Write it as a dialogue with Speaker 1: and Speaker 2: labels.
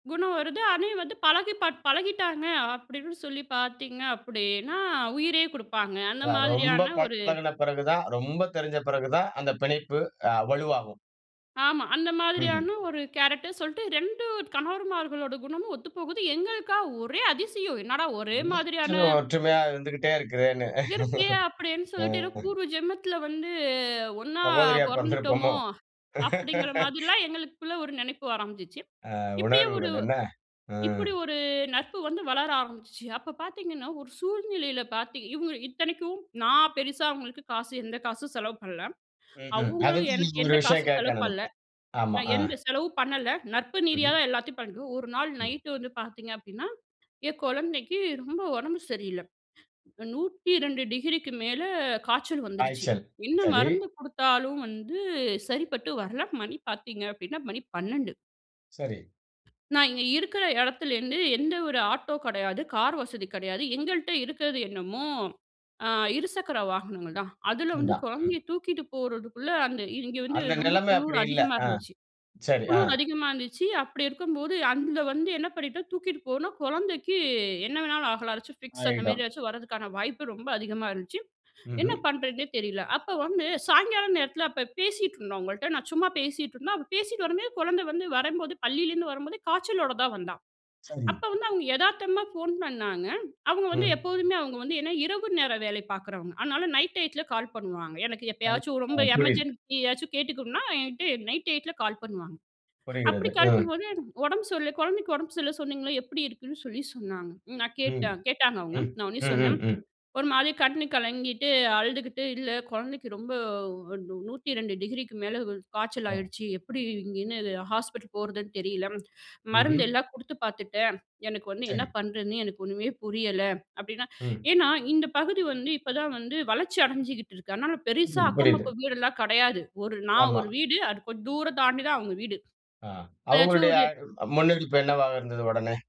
Speaker 1: குணம் வருது அணே வந்து பழகி பார் பழகிட்டாங்க அப்டின்னு சொல்லி பார்த்தீங்க அப்டின்னா, உயிரே குடுப்பாங்க அந்த
Speaker 2: அ ரொம்ப
Speaker 1: மாதிரியான ஒரு
Speaker 2: பழகின பிறகு தான், ரொம்ப தெரிஞ்ச பிறகு தான் அந்த பிணைப்பு அ வலுவாகும்.
Speaker 1: ஆமா. அந்த
Speaker 2: ம்ஹ்ம்.
Speaker 1: மாதிரியான ஒரு கேரக்டர் சொல்ட்டு 2 கணவர்மார்களோட குணமும் ஒத்து போகுது. எங்களுக்கா ஒரே அதிசயம் என்னடா ஒரே மாதிரியான
Speaker 2: நூற்றுல ஒற்றுமையாக இருந்துக்குட்டே இருக்குதேன்னு.
Speaker 1: இருக்கே அப்டின்னு சொல்லிட்டு ஏதோ
Speaker 2: ம்.
Speaker 1: பூர்வ ஜென்மத்தில வந்து ஒண்ணா
Speaker 2: சகோதரியா
Speaker 1: பொறந்துட்டோமோ
Speaker 2: பொறந்திருப்போமோ?
Speaker 1: அப்டிங்கிற மாதிரிலாம் எங்களுக்குள்ள ஒரு நினைப்பு ஆரம்பிச்சுச்சு.
Speaker 2: அ
Speaker 1: இப்டியே ஒரு
Speaker 2: உணர்வுகள் என்ன? ஆ.
Speaker 1: இப்டி ஒரு நட்பு வந்து வளர ஆரம்பிச்சுச்சு அப்ப பார்த்தீங்கன்னா, ஒரு சூழ்நிலையில பார்த்திங் இவங்க இத்தனைக்கும் நான் பெருசா அவங்களுக்கு காசு எந்த காசும் செலவு பண்ல.
Speaker 2: ம், ம். அது
Speaker 1: அவங்களும் எனக்கு
Speaker 2: இது ஒரு
Speaker 1: எந்த
Speaker 2: விஷயம்
Speaker 1: காசும் செலவு
Speaker 2: கேட்க
Speaker 1: பண்ல.
Speaker 2: நெனைச்சேன். ஆமா.
Speaker 1: நான்
Speaker 2: அ.
Speaker 1: எந்த செலவும் பண்ணல நட்பு நீதியா
Speaker 2: மஹ்ம்.
Speaker 1: தான் எல்லாத்தையும் பண்றோம். ஒரு நாள்
Speaker 2: ம்.
Speaker 1: நைட் வந்து பார்த்தீங்க அப்டின்னா, என் கொழந்தைக்கு ரொம்ப உடம்பு சரியில்ல. 102°க்கு மேல காச்சல் வந்துருச்சு
Speaker 2: காய்ச்சல்
Speaker 1: என்ன
Speaker 2: சரி.
Speaker 1: மருந்து குடுத்தாலும் வந்து சரிப்பட்டு வரல, மணி பாத்தீங்க அப்டின்னா மணி 12.
Speaker 2: சரி.
Speaker 1: நான் இங்க இருக்கிற இடத்துலேருந்து எந்த ஒரு ஆட்டோ கிடையாது, கார் வசதி கிடையாது. எங்கள்ட்ட இருக்கிறது என்னமோ ஆ இருசக்கர வாகனங்கள் தான். அதில வந்து
Speaker 2: இந்தா, ம்.
Speaker 1: கொழந்தையை தூக்கிட்டு போறதுக்குள்ள அந்த இங்கே வந்து
Speaker 2: அந்த
Speaker 1: ரொம்ப
Speaker 2: நிலைமை
Speaker 1: குளுர்
Speaker 2: அப்டி இல்ல.
Speaker 1: அதிகமா
Speaker 2: அ.
Speaker 1: இருந்துச்சு.
Speaker 2: சரி. அ.
Speaker 1: குளுர் அதிகமா இருந்துச்சு அப்டி இருக்கும்போது, அங்க வந்து என்ன பண்ணிட்டோம் தூக்கிட்டு போனோம் குழந்தைக்கு என்ன வேணாலும் ஆகலா ஏதாச்சும் ஃபிக்ஸ் அந்த
Speaker 2: ஆயிடும்.
Speaker 1: மாரி ஏதாச்சும் வரதுக்கான வாய்ப்பு ரொம்ப அதிகமா இருந்துச்சு. என்ன
Speaker 2: ம்ஹ்ம்.
Speaker 1: பண்றதுன்னே தெரியல, அப்போ வந்து சாயங்காலம் நேரத்தில அப்போ பேசிட்டுருந்தோம் அவங்கள்ட்ட. நான் சும்மா பேசிட்டு இருந்தேன் அப்போ பேசிட்டு வரும்போது, குழந்தை வந்து வரும்போது பள்ளியிலருந்து வரும்போதே காய்ச்சலோட தான் வந்தா.
Speaker 2: சரி.
Speaker 1: அப்ப வந்து அவங்க எதார்த்தமா ஃபோன் பண்ணாங்க அவங்க வந்து
Speaker 2: ம்.
Speaker 1: எப்போதுமே, அவங்க வந்து என்ன இரவு நேரம் வேலை பாக்குறவங்க. அதனால நைட் டைத்துல கால் பண்ணுவாங்க. எனக்கு
Speaker 2: ம்.
Speaker 1: எப்பயாச்சும்
Speaker 2: அ,
Speaker 1: ரொம்ப
Speaker 2: புரியிது.
Speaker 1: எமர்ஜென்சி ஏதாச்சும் கேட்டுக்கணும்னா என்கிட்ட நைட் டைத்துல கால் பண்ணுவாங்க. அப்டி
Speaker 2: புரிகிறது.
Speaker 1: கால்
Speaker 2: ம்.
Speaker 1: பண்ணும்போது எனக்கு உடம்பு சொல்ல குழந்தைக்கு உடம்பு சரில்லன்னு சொன்னீங்கள, எப்டி இருக்குன்னு சொல்லி சொன்னாங்க. நான்
Speaker 2: ம்.
Speaker 1: கேட்டேன் கேட்டாங்க அவங்க
Speaker 2: ம்.
Speaker 1: நான் உடனே சொன்னேன்,
Speaker 2: ம், ம்.
Speaker 1: ஒரு மாரி கண்ணு கலங்கிட்டு அழுதுக்கிட்டு "இல்ல கொழந்தைக்கு ரொம்ப- 102°க்கு மேல காய்ச்சல்
Speaker 2: ஒ.
Speaker 1: ஆயிடுச்சு. எப்டி இங்கேன்னு ஹாஸ்பிட்டல் போறதுன்னு தெரியல,
Speaker 2: ம்ஹ்ம்.
Speaker 1: மருந்தெல்லாம் குடுத்து பாத்துட்டேன். எனக்கு வந்து என்ன
Speaker 2: சரி.
Speaker 1: பண்ணுறதுன்னே எனக்கு ஒண்ணுமே புரியல அப்டினா
Speaker 2: ம்.
Speaker 1: ஏனா, இந்த பகுதி வந்து, இப்ப தான் வந்து வளர்ச்சி அடைஞ்சுகிட்டு இருக்கு அதனால பெருசா
Speaker 2: ம்.
Speaker 1: அக்கம்
Speaker 2: புரியுது.
Speaker 1: பக்கம் வீடெல்லா கிடையாது. ஒரு நான்
Speaker 2: ஆமா.
Speaker 1: ஒரு வீடு அது கொஞ்சம் தூரம் தாண்டி தான் அவங்க வீடு.
Speaker 2: ஆ,
Speaker 1: ஏதாச்சும்
Speaker 2: அவங்களுடைய
Speaker 1: ஒரு
Speaker 2: முன்னெடுப்பு என்னவாக இருந்தது உடனே?